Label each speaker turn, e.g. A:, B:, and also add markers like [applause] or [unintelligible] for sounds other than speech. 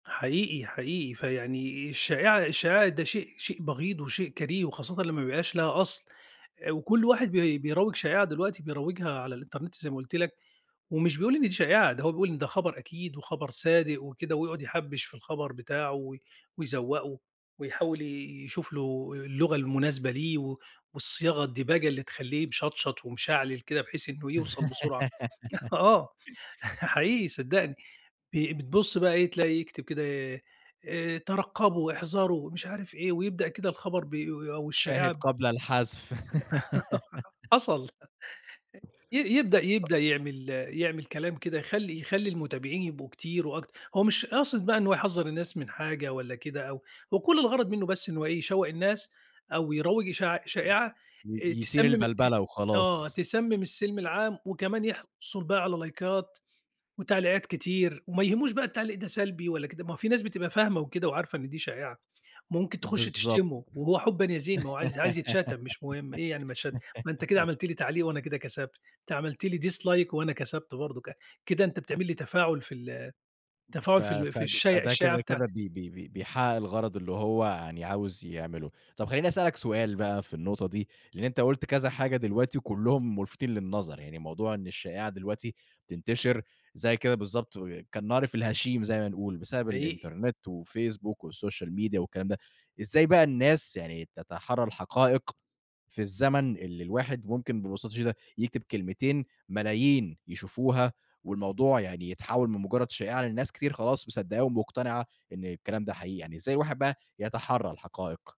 A: حقيقي، حقيقي. فيعني الشائعة الشائعة ده شيء شيء بغيض وشيء كريه، وخاصةً لمّا ما يبقاش ليها أصل، وكل واحد بي بيروّج شائعة دلوقتي، بيروّجها على الإنترنت زي ما قُلت لك، ومش بيقول إن دي شائعة، ده هو بيقول إن ده خبر أكيد وخبر صادق وكده ويقعد يحبّش في الخبر بتاعه و ويزوّقه ويحاول ي يشوف له اللغة المناسبة ليه، و والصياغة، الدِباجة اللي تخلّيه مشطشط ومشعلل كده بحيث إنه يوصل بسرعة.
B: [laughs]
A: [chuckles] آه، [chuckles] حقيقي صدّقني بي بتبص بقى إيه تلاقي يكتب كده آآ آآ، ترقّبوا، احذروا، ومش عارف إيه ويبدأ كده الخبر ب أو
B: شاهد
A: الشائعة
B: قبل الحذف.
A: [chuckles]
B: [laughs]
A: حصل. ي يبدأ
B: [unintelligible]
A: يبدأ يعمل يعمل كلام كده، يخلّي يخلّي المتابعين يبقوا كتير وأكت هو مش قاصد بقى إن هو يحذّر الناس من حاجة والّا كده أو هو كل الغرض منه بس إن هو إيه، يشوّق الناس أو يروّج إشاع شائعة آآ،
B: ي يثير
A: تسمم ت
B: البلبلة
A: آه،
B: وخلاص.
A: تسمم السِلْم العام وكمان يحصل بيها على لايكات وتعليقات كتير، وما يهموش بقى التعليق ده سلبي والّا كده. ما في ناس بتبقى فاهمة وكده وعارفة إن دي شائعة، ممكن تخُش
B: بالضبط.
A: تشتمه وهو حبًا يا زين. ما هو عايز عايز يتشتم مش مهم. إيه يعني ما اتش ما أنت كده عملت لي تعليق
B: [giggles]
A: وأنا كده كسبت. أنت عملت لي dislike وأنا كسبت برضك. كده أنت بتعمل لي تفاعل في ال
B: ف
A: تفاعل في ال في
B: فد
A: الشايع
B: فده
A: الشائعة
B: كده كده
A: بتاعتي.
B: بي بي بي بيحقق الغرض اللي هو يعني عاوز يعمله. طب، خلّيني أسألك سؤال بقى في النقطة دي، لأن أنت قُلت كذا حاجة دلوقتي وكلهم مُلفتين للنظر. يعني موضوع إن الشائعة دلوقتي تنتشر زي كده بالضبط، و كالنار في الهشيم زي ما بنقول، بسبب
A: حقيقي.
B: الإنترنت والفيسبوك والسوشيال ميديا والكلام ده. إزاي بقى الناس يعني تتحرّى الحقائق، في الزمن اللي الواحد ممكن ببساطة شديدة يكتب كلمتين، ملايين يشوفوها، والموضوع يعني يتحول من مجرد شائعة، لأن الناس كتير خلاص مصدّقاه ومقتنعة إن الكلام ده حقيقي؟ يعني إزاي الواحد بقى يتحرّى الحقائق؟